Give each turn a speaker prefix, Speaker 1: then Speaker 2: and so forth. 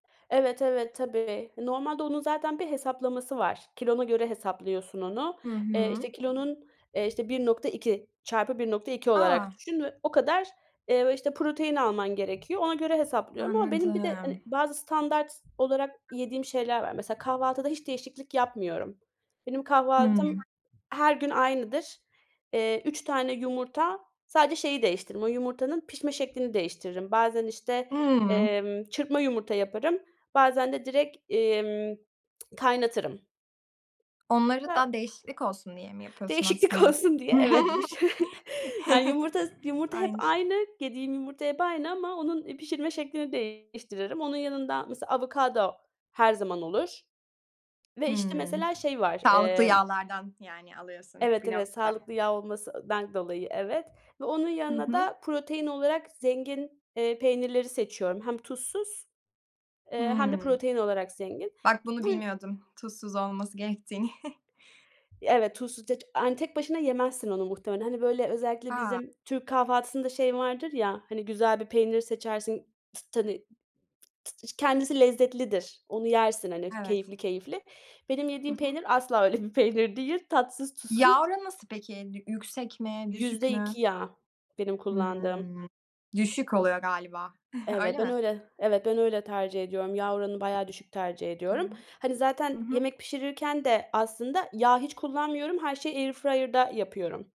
Speaker 1: Evet, evet, tabii. Normalde onun zaten bir hesaplaması var. Kilona göre hesaplıyorsun onu.
Speaker 2: Hı
Speaker 1: Eee,
Speaker 2: hı.
Speaker 1: işte kilonun, eee, işte 1.2 çarpı 1.2
Speaker 2: A!
Speaker 1: olarak düşün ve o kadar, eee, işte protein alman gerekiyor. Ona göre hesaplıyorum ama benim bir de
Speaker 2: Anladım.
Speaker 1: hani bazı standart olarak yediğim şeyler var. Mesela kahvaltıda hiç değişiklik yapmıyorum. Benim
Speaker 2: Hımm.
Speaker 1: kahvaltım her gün aynıdır. Eee, 3 tane yumurta, sadece şeyi değiştiririm, o yumurtanın pişme şeklini değiştiririm. Bazen işte,
Speaker 2: Hımm.
Speaker 1: emm, çırpma yumurta yaparım, bazen de direkt, emm, kaynatırım.
Speaker 2: Onları
Speaker 1: Ha.
Speaker 2: da, değişiklik olsun diye mi yapıyorsun,
Speaker 1: Değişiklik
Speaker 2: aslında?
Speaker 1: olsun diye, evet bu ş yani yumurta, yumurta hep
Speaker 2: Aynı şe
Speaker 1: aynı, yediğim yumurta hep aynı ama onun pişirme şeklini değiştiririm. Onun yanında, mesela, avokado her zaman olur ve işte
Speaker 2: Hımm.
Speaker 1: mesela şey var,
Speaker 2: Sağlıklı
Speaker 1: emm.
Speaker 2: yağlardan, yani alıyorsun,
Speaker 1: Evet,
Speaker 2: bir
Speaker 1: evet,
Speaker 2: nokta.
Speaker 1: sağlıklı yağ olmasından dolayı, evet ve onun
Speaker 2: Hı
Speaker 1: yanına
Speaker 2: hı.
Speaker 1: da protein olarak zengin, eee, peynirleri seçiyorum. Hem tuzsuz, eee, hem de
Speaker 2: Hımm.
Speaker 1: protein olarak zengin.
Speaker 2: Bak bunu
Speaker 1: Bu yü
Speaker 2: bilmiyordum, tuzsuz olması gerektiğini.
Speaker 1: Evet, tuzsuz, [unintelligible] tek başına yemezsin onu muhtemelen. Hani, böyle, özellikle
Speaker 2: A!
Speaker 1: bizim türk kahvaltısında şey vardır ya, hani, güzel bir peynir seçersin, t t hani. T ç kendisi lezzetlidir, onu yersin, hani,
Speaker 2: Evet.
Speaker 1: keyifli keyifli. Benim
Speaker 2: Hı
Speaker 1: yediğim
Speaker 2: hı.
Speaker 1: peynir, asla öyle bir peynir değil, tatsız tuzsuz.
Speaker 2: Yağ oranı nasıl peki? Ed yüksek mi? Düşük
Speaker 1: yüzde
Speaker 2: mü?
Speaker 1: iki yağ, benim kullandığım.
Speaker 2: Hımm. Düşük oluyor galiba.
Speaker 1: Evet,
Speaker 2: Öyle
Speaker 1: ben
Speaker 2: mi?
Speaker 1: öyle, evet, ben öyle tercih ediyorum. Yağ oranı bayağı düşük tercih
Speaker 2: Hı
Speaker 1: ediyorum.
Speaker 2: hı.
Speaker 1: Hani, zaten,
Speaker 2: Hı hı.
Speaker 1: yemek pişirirken de aslında yağ hiç kullanmıyorum. Her şeyi airfryer'da yapıyorum.